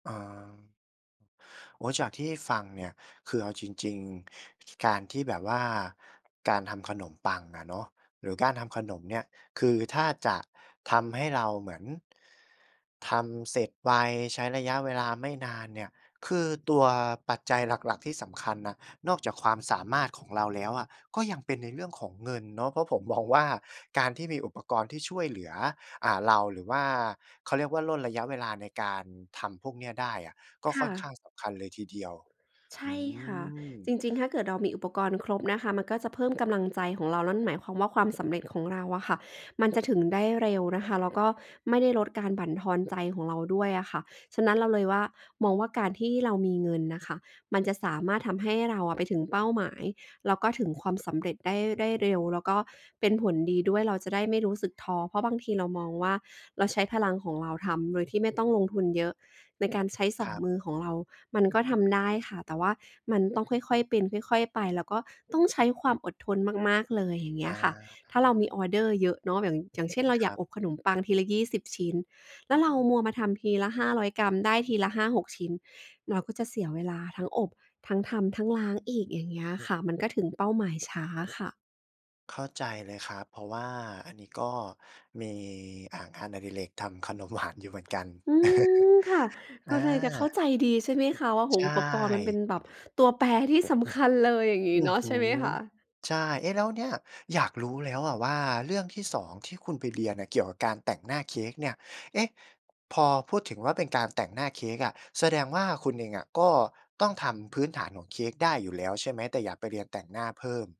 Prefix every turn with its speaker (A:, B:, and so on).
A: อา โอ้โฮ จากที่ฟังเนี่ย คือเอาจริง ๆ จ การที่แบบว่าการทำขนมปังอะเนาะ หรือการทำขนมเนี่ย คือถ้าจะทำให้เราเหมือน ทำเสร็จไว ใช้ระยะเวลาไม่นานเนี่ย คือตัวปัจจัยหลัก ๆ ที่สำคัญน่ะ นอกจากความสามารถของเราแล้วอะ ก็ยังเป็นในเรื่องของเงินเนาะ เพราะผมมองว่า การที่มีอุปกรณ์ที่ช่วยเหลือ อ่า เรา หรือว่า เขาเรียกว่า ร่นระยะเวลาในการทำพวกเนี้ยได้อะ ก็
B: ค
A: ค
B: ่
A: ่อนข้า
B: ะ
A: งสำคัญเลยทีเดียว
B: ใช
A: อื
B: ่ค่ะ
A: ม
B: จริง ๆ ถ้าเกิดเรามีอุปกรณ์ครบนะคะ มันก็จะเพิ่มกำลังใจของเรา นั่นหมายความว่า ความสำเร็จของเราอะค่ะ มันจะถึงได้เร็วนะคะ แล้วก็ไม่ได้ลดการบั่นทอนใจของเราด้วยอะค่ะ ฉะนั้นเราเลยว่า มองว่า การที่เรามีเงินนะค่ะมันจะสามารถทำให้เราไปถึงเป้าหมาย แล้วก็ถึงความสำเร็จได้ ได้เร็ว แล้วก็เป็นผลดีด้วย เราจะได้ไม่รู้สึกท้อ เพราะบางทีเรามองว่า เราใช้พลังของเราทำโดยที่ไม่ต้องลงทุนเยอะ ในการใช้ ส
A: ค
B: อ
A: ร
B: ง
A: ับ
B: มือของเรามันก็ทำได้ค่ะ แต่ว่ามันต้องค่อย ๆ เป็นค่อย ๆ ไป แล้วก็ต้องใช้ความอดทนมาก ๆ เลย อย่างเงี
A: อ
B: ้ย
A: า
B: ค่ะ ถ้าเรามีออร์เดอร์เยอะเนาะ อย่าง อย่างเช่น เรา
A: ค
B: อย
A: ร
B: าก
A: ับ
B: อบขนมปังทีละ 20 ชิ้น แล้วเรามัวมาทำทีละ 500 กรัม ได้ทีละ 5-6 ชิ้น เราก็จะเสียเวลาทั้งอบ ทั้งทำ ทั้งล้างอีก อย่างเงี้ยค่ะ มันก็ถึงเป้าหมายช้าค่ะ
A: เข้าใจเลยครับ เพราะว่าอันนี้ก็มี อะ งานอดิเรกทำขนมหวานอยู่เหมือนกัน
B: อืม ค่ะ
A: อ
B: ก็เลยจะเข้า
A: า
B: ใจดีใช่ไหมคะว่า โอ้โฮ
A: ใช
B: อุปกรณ์มันเป็
A: ่
B: นแบบตัวแปรที่สำคัญเลย อย่างงี้
A: อื้
B: เน
A: อ
B: าะ
A: ฮ
B: ใช
A: ื
B: ่ไหม
A: อ!
B: คะ?
A: ใช่ เอ๊ะ แล้วเนี่ย อยากรู้แล้วอะว่า เรื่องที่ 2 ที่คุณไปเรียนเกี่ยวกับการแต่งหน้าเค้กเนี่ย เอ๊ะ พอพูดถึงว่า เป็นการแต่งหน้าเค้กอะ แสดงว่าคุณเองอะก็ต้องทำพื้นฐานของเค้กได้อยู่แล้วใช่ไหม แต่อยากไปเรียนแต่งหน้าเพิ่ม?